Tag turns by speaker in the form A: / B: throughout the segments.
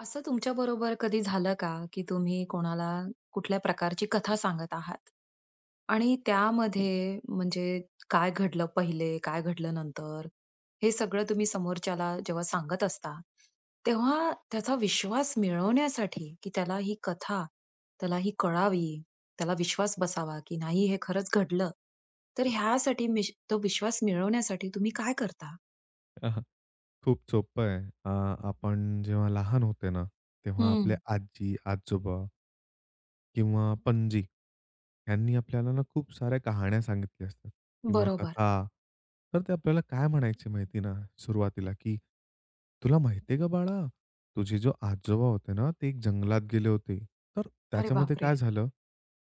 A: असं तुमच्याबरोबर कधी झालं का? की तुम्ही कोणाला कुठल्या प्रकारची कथा सांगत आहात आणि त्यामध्ये म्हणजे काय घडलं पहिले, काय घडलं नंतर हे सगळं तुम्ही समोरच्याला जेव्हा सांगत असता, तेव्हा त्याचा विश्वास मिळवण्यासाठी, की त्याला ही कथा त्याला ही कळावी, त्याला विश्वास बसावा, की नाही हे खरंच घडलं. तर ह्यासाठी मिश तो विश्वास मिळवण्यासाठी तुम्ही काय करता?
B: अ, हं. खूप सोपं आहे. अ, आपण जेव्हा लहान होते ना, तेव्हा आपले
A: हं.
B: आजी-आजोबा किंवा पणजी. त्यांनी आपल्याला ना खूप साऱ्या कहाण्या सांगितल्या असतात किंवा
A: बरोबर.
B: कथा. तर ते आपल्याला काय म्हणायचे माहिती आहे ना, सुरुवातीला की "तुला माहिती आहे का बाळा, तुझे जो आजोबा होते ना, ते जंगलात गेले होते. तर
A: अरे
B: त्याच्यामध्ये काय
A: बापरे!
B: झालं?"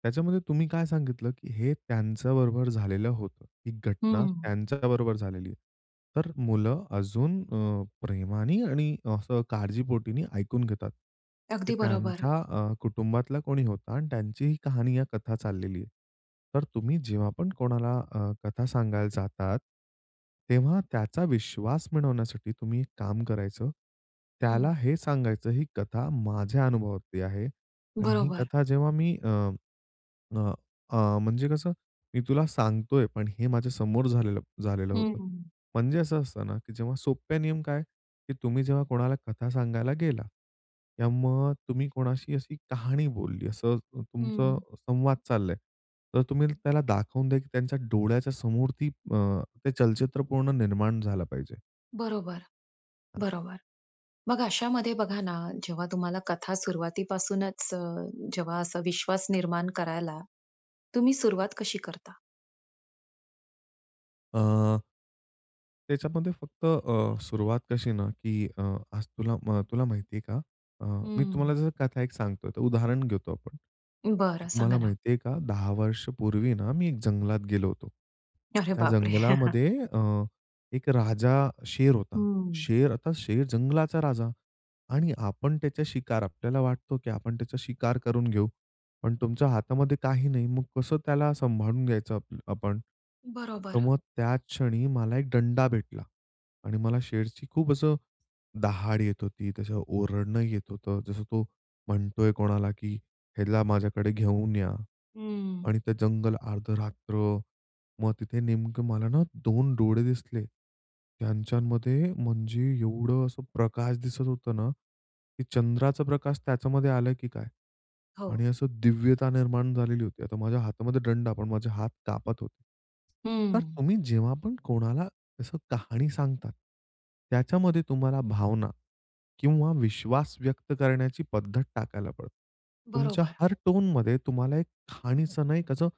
B: त्याच्यामध्ये तुम्ही काय सांगितलं की हे त्यांच्याबरोबर झालेलं होतं. ही घटना
A: हं.
B: त्यांच्याबरोबर झालेली आहे. तर मुलं अजून अ, प्रेमाने आणि असं काळजीपोटीनी ऐकून घेतात. की
A: अगदी बरोबर.
B: त्यांच्या अ, कुटुंबातला कोणी होता आणि त्यांची ही कहाणी या कथा चाललेली आहे. तर तुम्ही जेव्हा पण कोणाला अ, कथा सांगायला जातात, तेव्हा त्याचा विश्वास बनवण्यासाठी तुम्ही एक काम करायचं. त्याला
A: हं.
B: हे सांगायचं ही कथा माझ्या अनुभवातील आहे आणि ही
A: बरोबर.
B: कथा जेव्हा मी अ, अ, अ, म्हणजे कसं? "मी तुला सांगतो आहे, पण हे माझ्या समोर झालेलं झालेलं होतं."
A: हम्म.
B: म्हणजे असं असतं ना, की जेव्हा सोप्या नियम काय? की तुम्ही जेव्हा कोणाला कथा सांगायला गेला किंवा मग तुम्ही कोणाशी अशी कहाणी बोलली असं तुमचं
A: हं.
B: संवाद चालला आहे. तर तुम्ही त्याला दाखवून द्या की त्यांच्या डोळ्याच्यासमोर ती अ, ते चलचित्र पूर्ण निर्माण झालं पाहिजे.
A: बरोबर, बरोबर. मग अशामध्ये बघा ना जेव्हा तुम्हाला कथा सुरुवातीपासूनच अ, जेव्हा असा विश्वास निर्माण करायला, तुम्ही सुरुवात कशी करता?
B: अ त्याच्यामध्ये फक्त अ, सुरुवात कशी ना, की अ, आज तुला म तुला माहिती आहे का? अ, मी
A: हं.
B: तुम्हाला जस कथा एक सांगतो आहे त उदाहरण घेतो आपण, की
A: बरं.
B: तुम्हाला
A: सांगा ना.
B: माहिती आहे का 10 वर्षांपूर्वी आहे ना मी एक जंगलात गेलो होतो.
A: अरे
B: त्या
A: बापरे!
B: जंगलामध्ये अ, एक राजा शेर होता.
A: हं.
B: शेर आता शेर जंगलाचा राजा. आणि आपण त्याचे शिकार. आपल्याला वाटतं, की आपण त्याचे शिकार करून घेऊ, पण तुमच्या हातामध्ये काही नाही मग कस त्याला असं संभाळून घ्यायचं आप आपण. तर
A: बरोबर.
B: मग त्या क्षणी मला एक दंडा भेटला. आणि मला शेरशी खूप असं दहाड येत होती. त्याच ओरडणं येत होत. जसं तो म्हणत आहे कोणाला, की "ह्याला माझ्याकडं घेऊन या"
A: हं.
B: आणि ते जंगल अर्ध रात्र. मग तिथे नेमकं मला ना 2 डोळे दिसले. त्यांच्यांमध्ये म्हणजे एवढं असं प्रकाश दिसतं होत ना, की चंद्राचं प्रकाश त्याच्यामध्ये आलं, की काय
A: हो.
B: आणि असं दिव्यता निर्माण झालेली होती. आता माझ्या हातामध्ये दंडा पण माझे हात कापत होतं. तर
A: हं.
B: तुम्ही जेव्हा पण कोणाला तसं कहाणी सांगतात. त्याच्यामध्ये तुम्हाला भावना किंवा विश्वास व्यक्त करण्याची पद्धत टाकायला पडतं. तुमच्या
A: बरोबर.
B: हर टोनमध्ये तुम्हाला एक खाणीचं नाही कसं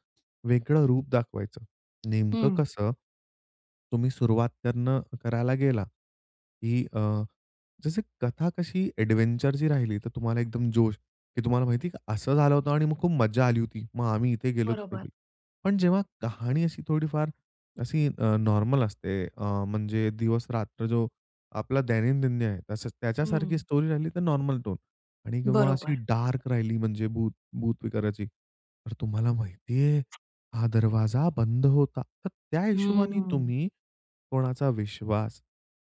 B: वेगळं रूप दाखवायचं, नेमकं
A: हं.
B: कसं, तुम्ही सुरुवात करणं करायला गेला, की अ, जसं कथा कशी एडव्हेंचरची राहिली, तर तुम्हाला एकदम जोश, की तुम्हाला माहिती आहे का असं झालं होतं आणि मग खूप मज्जा आली होती. मग आम्ही इथे गेलो तिथे
A: बरोबर.
B: गेलो. पण जेव्हा कहाणी अशी थोडीफार अशी अ, नॉर्मल असते अ, म्हणजे दिवस-रात्र जो आपला दैनंदिन आहे. त्याच्यासारखी
A: हं.
B: स्टोरी राहिली तर नॉर्मल टोन आणि किंवा अशी
A: बरोबर.
B: डार्क राहिली म्हणजे भूत भूत विकाराची. तर तुम्हाला माहिती आहे हा दरवाजा बंद होता, तर त्या हिशोबाने
A: हम्म.
B: तुम्ही कोणाचा विश्वास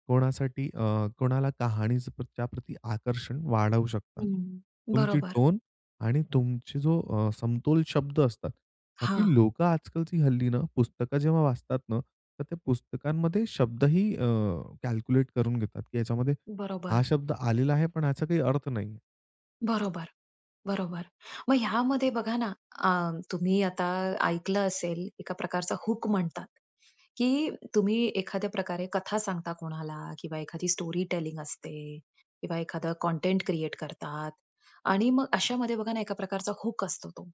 B: कोणासाठी अ, कोणाला कहाणीच्या प्रत्या प्रती आकर्षण वाढवू शकतात.
A: हं.
B: तुमची
A: बरोबर.
B: टोन आणि तुमची जो अ, समतोल शब्द असतात, का, की
A: हां.
B: लोकं आजकालची हल्लीनं पुस्तक जेव्हा वाचतात ना, तर ते पुस्तकांमध्ये शब्द ही अ, कॅल्क्युलेटकरून घेतात, की ह्याच्यामध्ये हा
A: बरोबर.
B: शब्द आलेला आहे. पण याचा काही अर्थ नाही.
A: बरोबर. बरोबर. मग ह्यामध्ये बघा ना, अ, तुम्ही आता ऐकलं असेल, एका प्रकारचा हूक म्हणतात, की तुम्ही एखाद्या प्रकारे कथा सांगता कोणाला किंवा एखादी स्टोरी टेलिंग असते, किंवा एखादा कंटेंट क्रिएट करतात आणि मग अशामध्ये बघा ना, एका प्रकारचा हूक असतो, तो.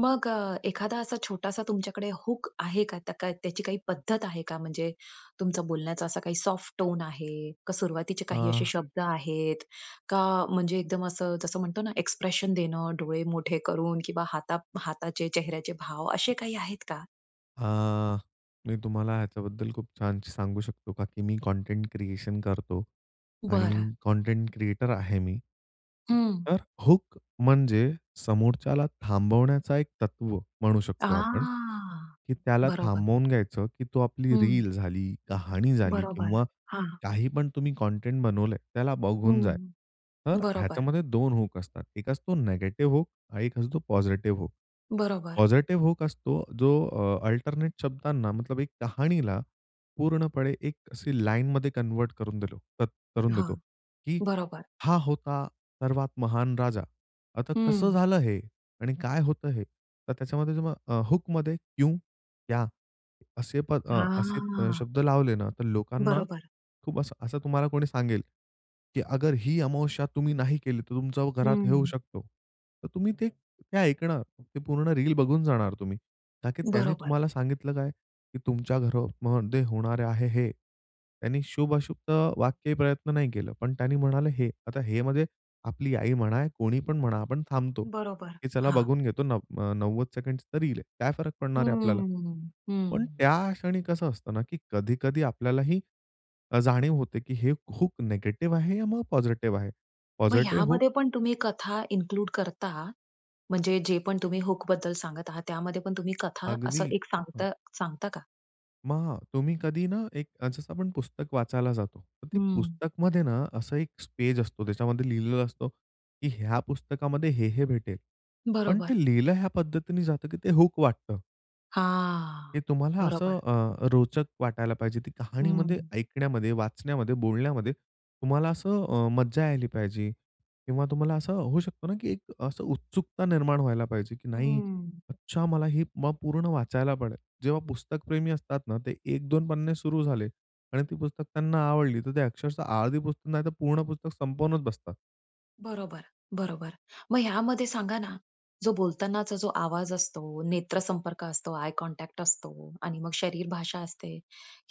A: मग अ, एखादा असा छोटासा तुमच्याकडे हूक आहे का? त्या का त्याची काही पद्धत आहे का? म्हणजे तुमचा बोलण्याचा असा काही सॉफ्ट टोन आहे, का सुरुवातीचे काही असे
B: अ
A: शब्द आहेत का? म्हणजे एकदम असं, जसं म्हणतो ना, एक्सप्रेशन देणं, डोळे मोठे करून, किंवा हाता हाताचे चेहऱ्याचे भाव, असे काही आहेत का?
B: हां, मी तुम्हाला ह्याच्याबद्दल खूप छान सांगू शकतो, का की मी कंटेंट क्रिएशन करतो.
A: बरं.
B: आणि कंटेंट क्रिएटर आहे मी.
A: हं.
B: तर हुक म्हणजे समोरच्याला थांबवण्याचा एक तत्व म्हणू शकतो आपण,
A: हां,
B: की त्याला
A: बरोबर.
B: थांबवून घ्यायचं, की तो आपली
A: हं.
B: रील झाली, कहाणी झाली
A: बरोबर.
B: किंवा
A: हां.
B: काही पण तुम्ही कंटेंट बनवलंय, त्याला बघून जाय.
A: हं.
B: तर
A: बरोबर.
B: ह्याच्यामध्ये 2 हुक असतात. एक असतो निगेटिव्ह हुक आणि एक असतो पॉझिटिव्ह हुक.
A: बरोबर.
B: पॉझिटिव्ह हुक असतो, जो अ, अल्टरनेट शब्दांना मतलब, एक कहाणीला पूर्णपणे एक अशी लाईनमध्ये कन्व्हर्ट करून दिल तर करून
A: हां.
B: देतो, की
A: बरोबर.
B: "हा होता सर्वात महान राजा. आता कसं
A: हं.
B: झालं हे? आणि काय होतं हे? तर त्याच्यामध्ये हूकमध्ये क्यु, क्या असे प अ, असे
A: हां.
B: शब्द लावले ना, तर लोकांना
A: बरोबर.
B: खूप असं असं तुम्हाला कोणी सांगेल, की अगर ही अमावस्या तुम्ही नाही केली, तर तुमचं घरात हे होऊ
A: हं.
B: शकतो, तर तुम्ही ते ते ऐकणार, ते पूर्ण रील बघून जाणार तुम्ही, ताकी त्यांनी
A: बरोबर.
B: तुम्हाला सांगितलं काय? की तुमच्या घरमध्ये होणारे आहे हे, त्यांनी शुभ-अशुभचं वाक्य प्रयत्न नाही केलं, पण त्यांनी म्हणाले हे. आता हे मध्ये आपली आई म्हणा, कोणी पण म्हणा, आपण थांबतो,
A: बरोबर.
B: की चला
A: हां.
B: बघून घेतो, नव्व अ, 90 सेकंड्सची रील आहे, काय फरक पडणार आहे आपल्याला?
A: हम्म,
B: पण
A: हं.
B: त्या क्षणी कसं असतं ना, की कधी-कधी आपल्यालाही अ, जाणीव होते, की हे हूक निगेटिव्ह आहे या मग पॉझिटिव्ह आहे.
A: मग
B: पॉझिटिव्ह हूक
A: ह्यामध्ये पण तुम्ही कथा इन्क्लूड करता? म्हणजे जे पण तुम्ही हुकबद्दल सांगत आहात, त्यामध्ये पण तुम्ही कथा असं
B: अगदी.
A: एक
B: अ, हं
A: सांगता सांगता का?
B: मग तुम्ही कधी ना एक जसं आपण पुस्तक वाचायला जातो तर ते
A: हं.
B: पुस्तकमध्ये ना असं एक पेज असतो. त्याच्यामध्ये लिहिलेलं असतं की ह्या पुस्तकामध्ये हे, हे भेटेल. पण
A: बरोबर.
B: ते लिहिलं ह्या पद्धतीने जातं की ते हूक वाटतं.
A: हां,
B: हे तुम्हाला असं
A: बरोबर.
B: अ, रोचक वाटायला पाहिजे ती कहाणीमध्ये,
A: हं.
B: ऐकण्यामध्ये, वाचण्यामध्ये, बोलण्यामध्ये तुम्हाला असं अ, मज्जा यायला पाहिजे किंवा तुम्हाला असं होऊ शकतो ना की एक असं उत्सुकता निर्माण व्हायला पाहिजे. की नाही,
A: हं.
B: अच्छा मला ही म पूर्ण वाचायला पडेल. जेव्हा पुस्तकप्रेमी असतात ना ते 1-2 पन्ने सुरू झाले आणि ती पुस्तक त्यांना आवडली तर ते अक्षरशः अर्धी पुस्तक नाही तर पूर्ण पुस्तक संपवूनच बसतात.
A: बरोबर, बरोबर. मग ह्यामध्ये सांगा ना जो बोलतानाचा जो आवाज असतो, नेत्र संपर्क असतो, आय कॉन्टॅक्ट असतो आणि मग शरीर भाषा असते.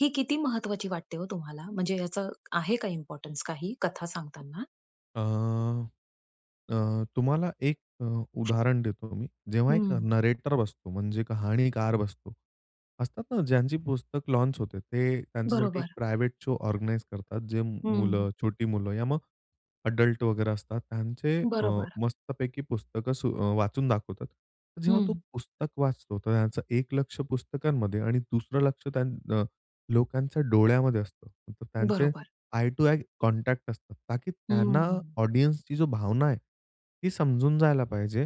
A: ही किती महत्त्वाची वाटते हो तुम्हाला म्हणजे याच आहे का इम्पोर्टन्स काही कथा सांगताना?
B: अ, अ, तुम्हाला एक अ, उदाहरण देतो मी. जेव्हा एक
A: हं.
B: नरेटर बसतो म्हणजे कहाणीकार बसतो असतात ना ज्यांची पुस्तक लॉन्च होते ते त्यांच्यासाठी एक
A: बरोबर.
B: प्रायव्हेट शो ऑर्गनाइज करतात जे
A: हं.
B: मुलं छोटी मुलं या मग एडल्ट वगैरे असतात त्यांचे अ,
A: बरोबर.
B: मस्तपैकी पुस्तकं अ, वाचून दाखवतात. जेव्हा तो
A: हं.
B: पुस्तक वाचतो तर त्यांचं एक लक्ष पुस्तकांमध्ये आणि दुसरं लक्ष त्यान अ, लोकांच्या डोळ्यामध्ये असतं. तर त्यांचे
A: बरोबर.
B: आई टू आई कॉन्टॅक्ट असतात ता की त्यांना
A: हं.
B: ऑडियन्सची जो भावना आहे, ती समजून जायला पाहिजे.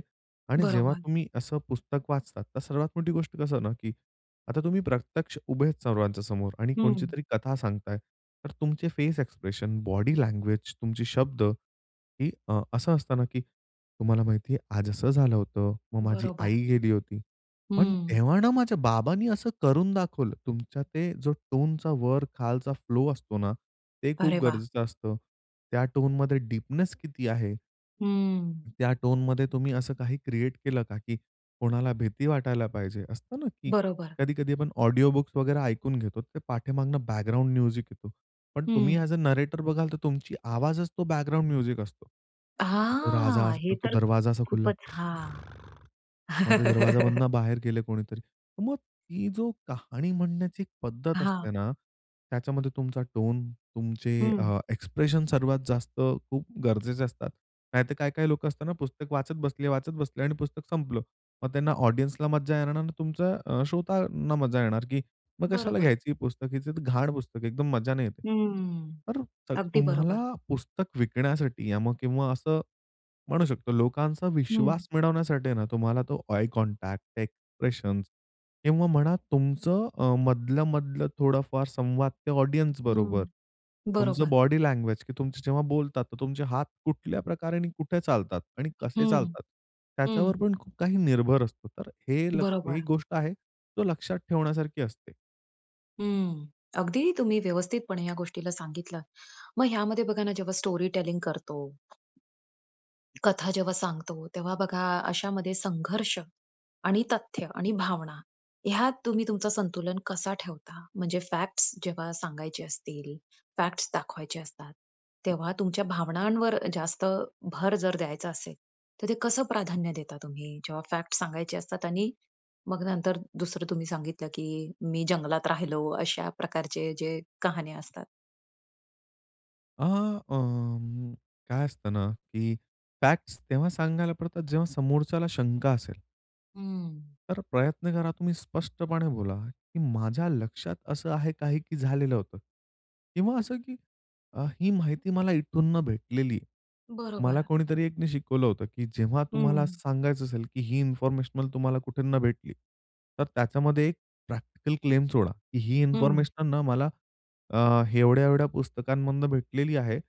B: आणि जेव्हा
A: बरोबर.
B: तुम्ही असं पुस्तक वाचतात तर सर्वात मोठी गोष्ट कसं ना? की आता तुम्ही प्रत्यक्ष उभेच सर्वांच्या समोर आणि
A: हं.
B: कोणचीतरी कथा सांगताय, तर तुमचे फेस एक्सप्रेशन, बॉडी लँग्वेज तुमची शब्द ही अ, असं असतं ना की तुम्हाला माहितीये आज असं झालं होतं. मग माझी
A: बरोबर.
B: आई गेली होती. पण
A: हं.
B: तेव्हा ना माझ्या बाबांनी असं करून दाखवलं तुमच्या ते जो टोनचा वर खालचा फ्लो असतो ना ते खूप
A: अरे वाह!
B: गरजेचं असतं. त्या टोनमध्ये डीपनेस किती आहे?
A: हं.
B: त्या टोनमध्ये तुम्ही असं काही क्रिएट केलं का? की कोणाला भीती वाटायला पाहिजे असतं ना की
A: बरोबर.
B: कधी-कधी आपण ऑडिओ बुक्स वगैरे ऐकून घेतो ते पाठीमागून बॅकग्राउंड म्युझिक येतो. पण तुम्ही
A: हं.
B: ऍज अ नरेटर बघाल तर तुमची आवाजच तो बॅकग्राउंड म्युझिक असतो. तो राजा
A: हां.
B: असतो.
A: हे
B: तो
A: तर
B: दरवाजा असा खुलला.
A: खूपचं हां.
B: खूर मग ते दरवाजामधनं बाहेर गेले कोणीतरी. मग ती जो कहाणी म्हणण्याची पद्धत
A: हां.
B: असते ना, त्याच्यामध्ये तुमचा टोन, तुमचे
A: हं.
B: अ, एक्सप्रेशन्स सर्वात जास्त खूप गरजेचे असतात. नाहीतर काही, काही लोकं असताना पुस्तक वाचत बसले, वाचत बसले आणि पुस्तक संपलं. मग त्यांना ऑडियन्सला मज्जा येणार न मग तुमचं अ, श्रोतांना मज्जा येणार की मग कशाला
A: बरोबर.
B: घ्यायची हे पुस्तक? ही तर घाण पुस्तक एकदम मज्जा नाही येते.
A: हम्म,
B: तर
A: अगदी बरोबर.
B: तुम्हाला पुस्तक विकण्यासाठी या मग किंवा असं म्हणू शकतो लोकांचा
A: हं.
B: विश्वास मिळवण्यासाठी आहे ना तुम्हाला तो आय कॉन्टॅक्ट, एक्सप्रेशन्स किंवा म्हणा तुमचं अ, मधलं, मधलं थोडाफार संवाद ते ऑडियन्स बरोबर.
A: हं,
B: तुमचं
A: बरोबर.
B: बॉडी लँग्वेज की तुमची जेव्हा बोलतात तर तुमचे हात कुठल्या प्रकारे आणि कुठे चालतात? आणि कसे
A: हं,
B: चालतात? त्याच्यावर
A: हं.
B: पण खूप काही निर्भर असतो. तर हे ही
A: बरोबर.
B: गोष्ट आहे तो लक्षात ठेवण्यासारखी असते.
A: हं. अगदी तुम्ही व्यवस्थितपणे ह्या गोष्टीला सांगितलं. मग ह्यामध्ये बघा ना, जेव्हा स्टोरी टेलिंग करतो. कथा जेव्हा सांगतो, तेव्हा बघा, अशामध्ये संघर्ष आणि तथ्य आणि भावना ह्यात तुम्ही तुमचं संतुलन कसा ठेवता? म्हणजे फॅक्ट्स जेव्हा सांगायचे असतील, फॅक्ट्स दाखवायचे असतात, तेव्हा तुमच्या भावनांवर जास्त भर जर द्यायचा असेल, तर ते कसं प्राधान्य देता तुम्ही, जेव्हा फॅक्ट्स सांगायचे असतात आणि मग नंतर दुसरं तुम्ही सांगितलं की मी जंगलात राहिलो अशा प्रकारचे जे कहाण्या असतात?
B: अ, अं, काय असतं ना, की फॅक्ट्स तेव्हा सांगायला पडतात, जेव्हा समोरच्याला शंका असेल.
A: हं.
B: तर अ, प्रयत्न करा तुम्ही स्पष्टपणे बोला, की माझ्या लक्षात असं आहे काही, की झालेलं होतं किंवा असं की अ, ही माहिती मला इथून न भेटलेली. मला
A: बरोबर.
B: कोणीतरी एकने शिकवलं होतं की जेव्हा तुम्हाला
A: हं.
B: सांगायचं असेल, की ही इन्फॉर्मेशन तुम्हाला कुठूनन भेटली, तर त्याच्यामध्ये एक प्रॅक्टिकल क्लेम सोडा. ही
A: हं.
B: इन्फॉर्मेशन न मला अ, एवढ्या-एवढ्या पुस्तकांमधून भेटलेली आहे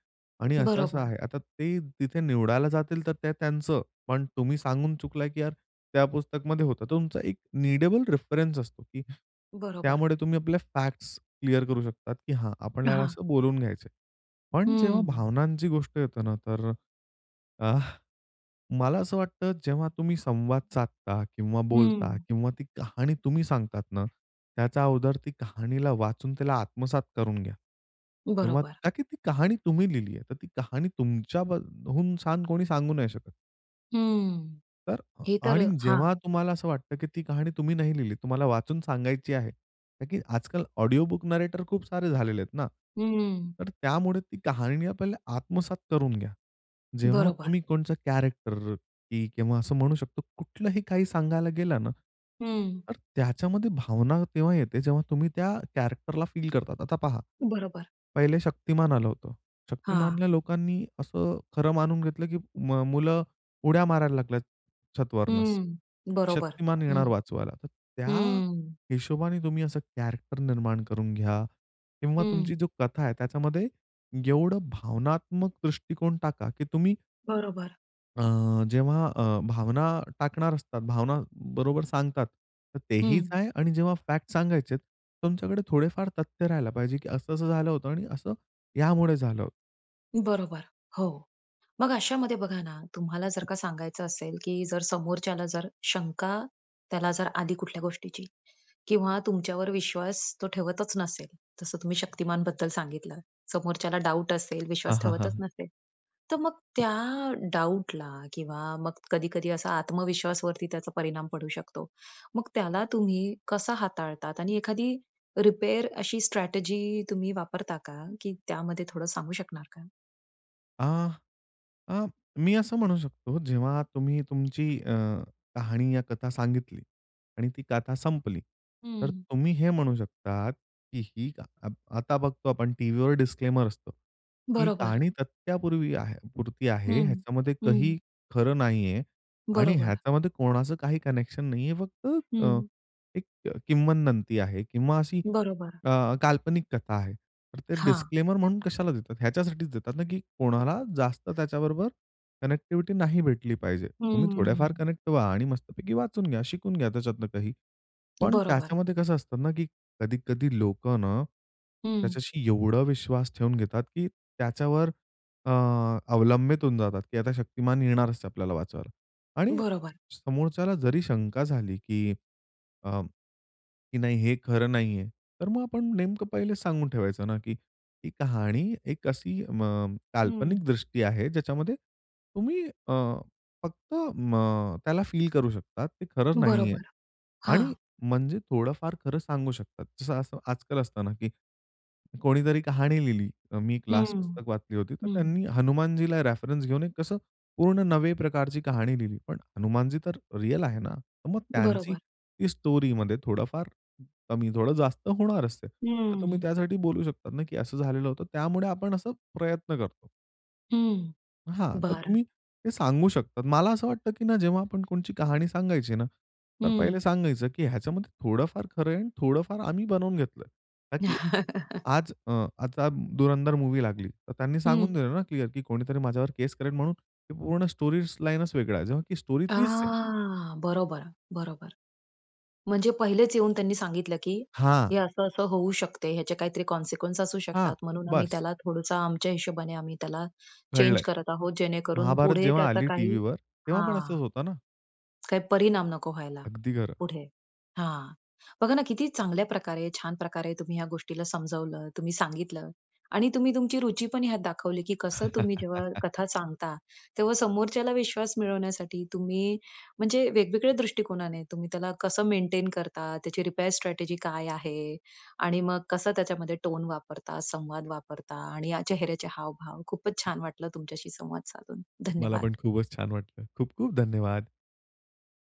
B: आणि असं-असं
A: बरोबर.
B: आहे. आता ते तिथे निवडायला जातील, तर ते त्यांचं, पण तुम्ही सांगून चुकला की यार त्या पुस्तकमध्ये होतं. तर तुमचा एक नीडेबल रेफरन्स असतो की
A: बरोबर.
B: त्यामुळे तुम्ही आपल्या फॅक्ट्स क्लिअर करू शकतात, की हां आपण ह्याला
A: हां.
B: असं बोलून घ्यायचंय. पण जेव्हा
A: हं.
B: भावनांची गोष्ट येते ना, तर अ, आह, मला असं वाटतं जेव्हा तुम्ही संवाद साधता किंवा बोलता
A: हं.
B: किंवा ती कहाणी तुम्ही सांगतात ना, त्याचा अगोदर ती कहाणीला वाचून त्याला आत्मसात करून घ्या. तेव्हा
A: बरोबर.
B: ताकी ती कहाणी तुम्ही लिहिली आहे. तर ती कहाणी तुमच्या बद हून छान कोणी सांगू नाही शकत.
A: हं,
B: तर अ,
A: हे तर
B: आणि
A: हां.
B: जेव्हा तुम्हाला असं वाटतं, की ती कहाणी तुम्ही नाही लिहिली तुम्हाला वाचून सांगायची आहे. का की आजकाल ऑडिओ बुक नरेटर खूप सारे झालेले आहेत ना.
A: हं.
B: तर त्यामुळे ती कहाणी आपल्याला आत्मसात करून घ्या. जेव्हा
A: बरोबर.
B: तुम्ही कोणचा कॅरेक्टर, की किंवा असं म्हणू शकतो कुठलंही काही सांगायला गेलं ना,
A: हं.
B: तर त्याच्यामध्ये भावना तेव्हा येते जेव्हा तुम्ही त्या कॅरेक्टरला फील करतात. आता पहा.
A: बरोबर.
B: पहिले शक्तिमान आलं होतं.
A: हां.
B: शक्तिमानल्या लोकांनी असं खरं मानून घेतलं, की मग मुलं उड्या मारायला लागल्यात छत वरनच.
A: हं, बरोबर
B: शक्तिमान
A: हं.
B: येणार वाचवायला. तर त्या
A: हं.
B: हिशोबाने तुम्ही असं कॅरेक्टर निर्माण करून घ्या किंवा
A: हं.
B: तुमची जो कथा आहे त्याच्यामध्ये एवढं भावनात्मक दृष्टिकोन टाका, की तुम्ही
A: बरोबर.
B: अ, जेव्हा अ, भावना टाकणार असतात, भावना बरोबर सांगतात. तर तेहीच
A: हं.
B: आहे. आणि जेव्हा फॅक्ट सांगायचेत, तुमच्याकडे थोडेफार तथ्य राहायला पाहिजे, की असं-असं झालं होतं आणि असं यामुळे झालं.
A: बरोबर. हो. मग अशामध्ये बघा ना तुम्हाला जर का सांगायचं असेल, की जर समोरच्याला जर शंका त्याला जर आली कुठल्या गोष्टीची किंवा तुमच्यावर विश्वास तो ठेवतच नसेल. तसं तुम्ही शक्तिमान बद्दल सांगितलं समोरच्याला डाऊट असेल,
B: हां,
A: विश्वास
B: हां,
A: ठेवतच
B: हां.
A: नसेल तर मग त्या डाऊटला किंवा मग कधी-कधी असा आत्मविश्वासवरती त्याचा परिणाम पडू शकतो. मग त्याला तुम्ही कसं हाताळतात. आणि एखादी रिपेअर अशी स्ट्रॅटेजी तुम्ही वापरता का? की त्यामध्ये थोडं सांगू शकणार का?
B: अ, अ, मी असं म्हणू शकतो, जेव्हा तुम्ही तुमची अ, कहाणी या कथा सांगितली आणि ती कथा संपली, तर
A: हं.
B: तुम्ही हे म्हणू शकतात, की ही क आता बघतो आपण टीव्हीवर डिस्क्लेमर असतं. ही
A: बरोबर.
B: कहाणी तथ्यापूर्वी आहे पुरती आहे,
A: हं,
B: ह्याच्यामध्ये
A: हं.
B: काही खरं नाहीये आणि
A: बरोबर.
B: ह्याच्यामध्ये कोणाचं काही कनेक्शन नाहीये. फक्त अ,
A: हं.
B: एक किम्वदंती आहे किंवा अशी
A: बरोबर.
B: अ, काल्पनिक कथा आहे. तर ते
A: हां.
B: डिस्क्लेमर म्हणून कशाला देतात, ह्याच्यासाठीच देतात ना, की कोणाला जास्त त्याच्याबरोबर कनेक्टिव्हिटी नाही भेटली पाहिजे. तुम्ही थोड्याफार
A: हम्म.
B: कनेक्ट व्हा आणि मस्तपैकी वाचून घ्या, शिकून घ्या, त्याच्यातून काही. पण
A: बरोबर.
B: त्याच्यामध्ये कसं असतं ना, की कधी-कधी लोक ना,
A: हं.
B: त्याच्याशी एवढा विश्वास ठेवून घेतात, की त्याच्यावर अ, अवलंबित होऊन जातात, की आता शक्तिमान येणारच आपल्याला वाचवायला. आणि
A: बरोबर.
B: समोरच्याला जरी शंका झाली, की अं, की नाही हे खरं नाहीये, तर मग आपण नेमकं पहिले सांगून ठेवायचं ना, की ती कहाणी एक अशी अ, म काल्पनिक
A: हं.
B: दृष्टी आहे, ज्याच्यामध्ये तुम्ही अ, फक्त मग, त्याला फील करू शकतात, ते खरं नाहीये
A: बरोबर.
B: आणि
A: हां.
B: म्हणजे थोडंफार खरं सांगू शकतात. जसं असं आजकाल असत ना, की कोणीतरी कहाणी लिहिली मी क्लास
A: हं,
B: पुस्तक वाचली होती, तर
A: हं.
B: त्यांनी हनुमानजीला रेफरन्स घेऊन कसं पूर्ण नवे प्रकारची कहाणी लिहिली, पण हनुमानजी तर रिअल आहे ना. तर मग त्यांची
A: बरोबर.
B: ती स्टोरीमध्ये थोडंफार कमी थोडं जास्त होणार असते. तर तुम्ही
A: हम्म.
B: त्यासाठी बोलू शकतात ना, की असं झालेलं होतं त्यामुळे आपण असा प्रयत्न करतो.
A: हं.
B: हां, तर
A: बरं.
B: तुम्ही ते सांगू शकतात. मला असं वाटतं, की ना, जेव्हा आपण कोणची कहाणी सांगायची ना, तर पहिले
A: हं.
B: सांगायचं, की ह्याच्यामध्ये थोडंफार खरं आहे आणि थोडंफार आम्ही बनवून घेतलं आहे. ता की आज अ, आता धुरंधर मूव्ही लागली, तर त्यांनी सांगून
A: हं.
B: दिलं ना, क्लिअर, की कोणीतरी माझ्यावर केस करेल, म्हणून ते पूर्ण स्टोरी लाईनच वेगळा आहे, जेव्हा की स्टोरी तीच आहे.
A: आह! बरोबर, बरोबर. म्हणजे पहिलेच येऊन त्यांनी सांगितलं, की
B: हां.
A: हे असं, असं होऊ शकते, याचे काहीतरी कॉन्सिक्वन्स असू
B: हां,
A: शकतात, म्हणून आम्ही
B: बस.
A: त्याला थोडंसं आमच्या हिशोबाने आम्ही त्याला चेंज
B: घडलंय.
A: करत आहोत, जेणेकरून
B: महाभारत
A: पुढे
B: जेव्हा
A: त्याचा
B: आली
A: काही
B: टीव्हीवर, तेव्हा पण
A: हां,
B: असंच होतं ना?
A: काही परिणाम नको व्हायला
B: अगदी खरं.
A: पुढे. हां, बघा ना, किती चांगल्या प्रकारे, छान प्रकारे तुम्ही ह्या गोष्टीला समजावलं, तुम्ही सांगितलं आणि तुम्ही तुमची रुची पण ह्यात दाखवली, की कसं तुम्ही जेव्हा कथा सांगता, तेव्हा समोरच्याला विश्वास मिळवण्यासाठी तुम्ही, म्हणजे वेगवेगळ्या दृष्टिकोनाने, तुम्ही त्याला कसं मेंटेन करता? त्याची रिपेअर स्ट्रॅटेजी काय आहे? आणि मग कसं त्याच्यामध्ये टोन वापरता, संवाद वापरता? आणि या चेहऱ्याचे हावभाव, खूपच छान वाटलं तुमच्याशी संवाद साधून,
B: मला
A: धन्यवाद.
B: पण खूपच छान वाटलं. खूप-खूप धन्यवाद.